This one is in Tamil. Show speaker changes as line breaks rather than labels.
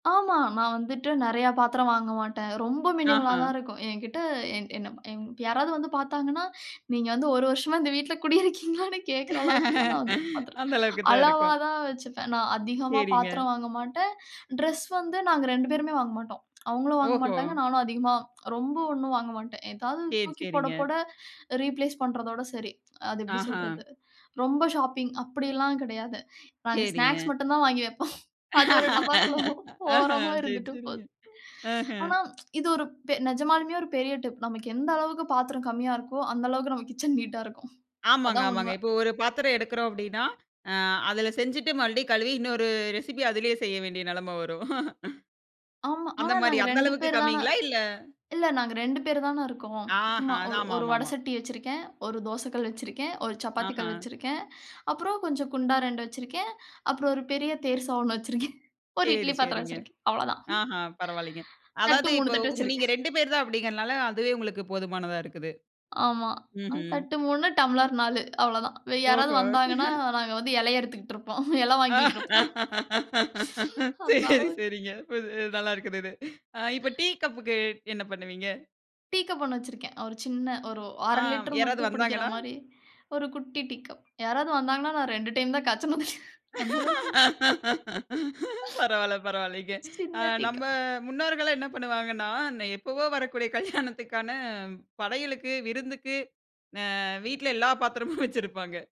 ஆமா. நான் வந்துட்டு நெறையா பாத்திரம் வாங்க மாட்டேன். ரொம்ப மினிமலா
ஆஹ.
தான் இருக்கும். என்கிட்ட என் என் யாராவது வந்து பாத்தாங்கன்னா, நீங்க வந்து 1 வருஷமா இந்த வீட்ல குடியிருக்கீங்களான்னு கேக்குற அளவுக்கு தான், நான் வந்து பாத்தரம்,
அந்த அளவுக்கு தான்
அளவா
இருக்கும்.
தான் வச்சுப்பேன். நா அதிகமா
சரிங்க.
பாத்திரம் வாங்க மாட்டேன். ட்ரெஸ் வந்து நாங்க 2 பேருமே வாங்க மாட்டோம். அவுங்களும் வாங்க
ஓஹோ!
மாட்டாங்க. நானும் அதிகமா ரொம்ப ஒண்ணும் வாங்க மாட்டேன். ஏதாவது
சரி.
தூக்கி போட,
சரிங்க.
போட, ரீப்ளேஸ் பண்றதோட சரி. அது எப்டி
ஆஹா.
சொல்றது? ரொம்ப ஷாப்பிங் அப்டில்லாம் கெடையாது. நாங்க ஸ்நாக்ஸ்
சரிங்க.
மட்டும் தான் வாங்கி வெப்போம். அது ஒரு டப்பாக்குள்ள
ஆஹ.
ஓரமா
சரி.
இருந்துட்டு
சரிங்க.
போது.
ஆஹ.
ஆனா, இது ஒரு நெஜமாலுமே ஒரு பெரிய டிப். நமக்கு எந்த அளவுக்கு பாத்திரம் கம்மியா இருக்கோ, அந்த அளவுக்கு நம்ம கிட்சன் நீட்டா இருக்கும்.
ஆமாங்க.
அதான் உண்ம.
ஆமாங்க. இப்போ ஒரு பாத்திரம் எடுக்குறோம் அப்டினா, அ, அதுல செஞ்சிட்டு மறுபடியும் கழுவி இன்னொரு ரெசிபி அதிலே செய்ய வேண்டிய நெலம வரும்.
ஆமா.
அந்த
ஆனா,
மாரி,
நாங்க
அந்த
2
அளவுக்கு
பேரு தான
கம்மிங்களா? இல்ல
இல்ல நாங்க 2 பேரு தான இருக்கோம்.
ஆஹ.
சும்மா
அதான்.
ஒரு
ஆமா.
ஒரு
ஆமா.
வட
ஆமா.
சட்டி வச்சிருக்கேன். 1 தோசைக்கல் வச்சிருக்கேன், 1 சப்பாத்தி கல்
ஆஹ.
வச்சிருக்கேன். அப்பறம் கொஞ்சம் குண்டா 2 வச்சிருக்கேன். அப்பறம் 1 பெரிய தேர்சா வச்சிருக்கேன். 1
சரி.
இட்லி பாத்திரம்
சரிங்க.
வச்சிருக்கேன். அவ்ளதான்.
ஆஹ. பரவால்லைங்க.
தட்டு
அதாது
3
இப்ப
தட்டு
நீங்க
வச்சிருக்கேன்.
ரெண்டு பேரு தான் அப்டிங்கறனால அதுவே உங்களுக்கு போதுமானதா இருக்குது.
ஆமா.
ம்ஹ்ம்.
தட்டு 3 டம்ளர் 4 அவ்ளதான். யாராவது
ஓஹோ!
வந்தாங்கன்னா நாங்க வந்து எல அறுத்துக்கிட்ருப்போம். இலை வாங்கிக்கிட்ருப்போம். அந்த
சரி.
அளவுக்கு,
சரிங்க. இப் நல்லா இருக்குது இது. அ இப்ப டீ கப்க்கு என்ன பண்ணுவீங்க?
டீ கப் 1 வச்சிருக்கேன். ஒரு சின்ன ஒரு
ஆ
1/2 லிட்டர்
யாராவது
மட்டும் பிடிக்கிற
வந்தாங்கன்னா?
மாரி 1 குட்டி டீ கப். யாராவது வந்தாங்கன்னா நான் 2 டைம் தான் காச்சணும். அந்த அளவுக்கு.
பரவால்ல. பரவால்லிங்க. அ,
சின்ன டீ
நம்ம
கப்.
முன்னோர்கள்லாம் என்ன பண்ணுவாங்கன்னா, எப்பவோ வரக்கூடிய கல்யாணத்துக்கான படையலுக்கு, விருந்துக்கு, அ, வீட்ல எல்லா பாத்திரமும் வச்சிருப்பாங்க.